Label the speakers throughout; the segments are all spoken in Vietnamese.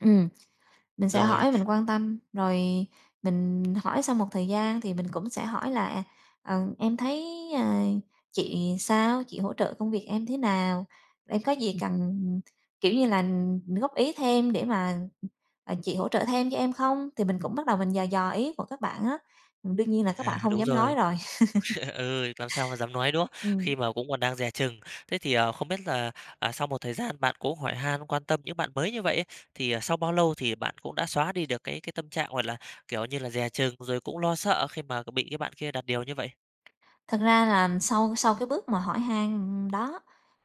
Speaker 1: Ừm, mình sẽ
Speaker 2: Rồi.
Speaker 1: hỏi, mình quan tâm, rồi mình hỏi sau một thời gian thì mình cũng sẽ hỏi là, ờ, em thấy, à, chị sao? Chị hỗ trợ công việc em thế nào? Để có gì cần, ừm, kiểu như là, ừm, góp ý thêm để mà, à, chị hỗ trợ thêm cho em không? Thì mình cũng bắt đầu mình dò dò ý của các bạn á. Ừm, đương nhiên là các bạn
Speaker 2: À,
Speaker 1: hông
Speaker 2: đúng
Speaker 1: dám nói
Speaker 2: rồi.
Speaker 1: rồi.
Speaker 2: Ừ, làm sao mà dám nói, đúng không?
Speaker 1: Ừm.
Speaker 2: Khi mà cũng còn đang dè chừng. Thế thì, ờ, không biết là, à, sau một thời gian bạn cũng hỏi han, quan tâm những bạn mới như vậy ấy, thì, ờ, sau bao lâu thì bạn cũng đã xóa đi được cái cái tâm trạng, gọi là, kiểu như là, dè chừng rồi cũng lo sợ khi mà, kiểu, bị cái bạn kia đặt điều như vậy?
Speaker 1: Thật ra là sau sau cái bước mà hỏi han, ừm, đó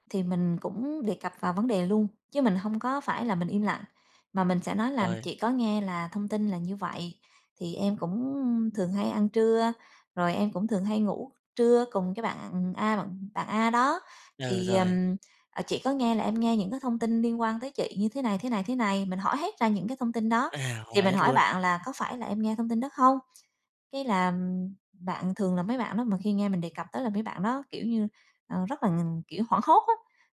Speaker 1: thì mình cũng đề cập vào vấn đề luôn chứ mình hông có phải là mình im lặng. Mà mình sẽ nói là
Speaker 2: Rồi.
Speaker 1: chị có nghe là thông tin là như vậy, thì em cũng, ưm, thường hay ăn trưa, rồi em cũng thường hay ngủ trưa cùng cái bạn, ừm, A bạn A đó.
Speaker 2: Ờ,
Speaker 1: Thì,
Speaker 2: rồi.
Speaker 1: ừm, à, chị có nghe là em nghe những cái thông tin liên quan tới chị" như thế này, thế này, thế này. Mình hỏi hết ra những cái thông tin đó,
Speaker 2: À,
Speaker 1: thì
Speaker 2: hỏi
Speaker 1: mình
Speaker 2: hết
Speaker 1: hỏi
Speaker 2: luôn.
Speaker 1: bạn là có phải là em nghe thông tin đó không? Cái là, ừm, bạn thường là mấy bạn đó mà khi nghe mình đề cập tới là mấy bạn đó, kiểu như, ờ, rất là ng kiểu, hoảng hốt á,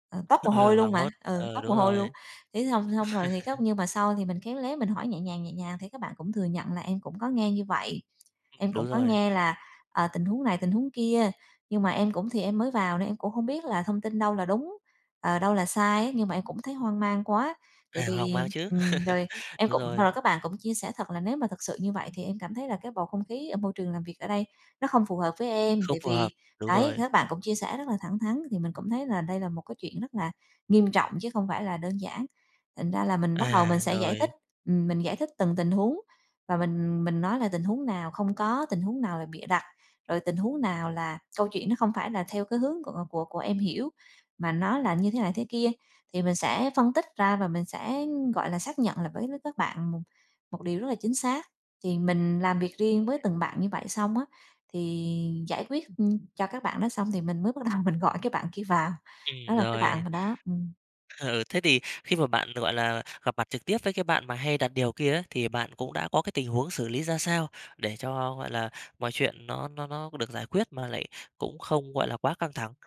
Speaker 1: ờ, toát mồ
Speaker 2: Ờ,
Speaker 1: hôi luôn
Speaker 2: hoàng
Speaker 1: mà
Speaker 2: hốt.
Speaker 1: ừ,
Speaker 2: Ờ,
Speaker 1: toát mồ
Speaker 2: đúng
Speaker 1: hôi luôn.
Speaker 2: rồi.
Speaker 1: Thế xong xong rồi thì khóc, nhưng mà sau thì mình khéo léo mình hỏi nhẹ nhàng, nhẹ nhàng thì các bạn cũng thừa nhận là em cũng có nghe như vậy.
Speaker 2: Ừm,
Speaker 1: Em
Speaker 2: đúng
Speaker 1: cũng có
Speaker 2: rồi.
Speaker 1: nghe là, ờ, tình huống này tình huống kia, nhưng mà em cũng thì em mới vào nên em cũng hông biết là thông tin đâu là đúng, ờ, đâu là sai á. Nhưng mà em cũng thấy hoang mang quá, tại
Speaker 2: À, hoang
Speaker 1: vì
Speaker 2: mang chứ.
Speaker 1: ừm, rồi, em
Speaker 2: Đúng
Speaker 1: cũng
Speaker 2: rồi.
Speaker 1: rồi các bạn cũng chia sẻ thật là nếu mà thực sự như vậy thì em cảm thấy là cái bầu không khí ở môi trường làm việc ở đây nó không phù hợp với em.
Speaker 2: Không
Speaker 1: Tại
Speaker 2: phù hợp.
Speaker 1: vì
Speaker 2: Đúng
Speaker 1: đấy,
Speaker 2: rồi.
Speaker 1: các bạn cũng chia sẻ rất là thẳng thắn, thì mình cũng thấy là đây là một cái chuyện rất là nghiêm trọng chứ không phải là đơn giản. Thành ra là mình bắt đầu mình
Speaker 2: À,
Speaker 1: sẽ giải thích,
Speaker 2: rồi.
Speaker 1: ừm, mình giải thích từng tình huống và mình mình nói là tình huống nào không có, tình huống nào là bịa đặt, rồi tình huống nào là câu chuyện nó không phải là theo cái hướng của của của em hiểu, mà nó là như thế này thế kia. Thì mình sẽ phân tích ra và mình sẽ, ưm, gọi là, xác nhận lại với l các bạn một một điều rất là chính xác. Thì mình làm việc riêng
Speaker 2: Rồi.
Speaker 1: với từng bạn như vậy xong á, thì giải quyết, ưm, cho các bạn đó xong thì mình mới bắt đầu mình gọi cái bạn kia vào.
Speaker 2: Ừm,
Speaker 1: Đó là cái bạn
Speaker 2: rồi.
Speaker 1: mà đó ừm.
Speaker 2: Ờ, ừ, thế thì khi mà bạn, gọi là, gặp mặt trực tiếp với cái bạn mà hay đặt điều kia á, thì bạn cũng đã có cái tình huống xử lý ra sao để cho, gọi là, mọi chuyện nó nó nó được giải quyết mà lại cũng không, gọi là, quá căng thẳng?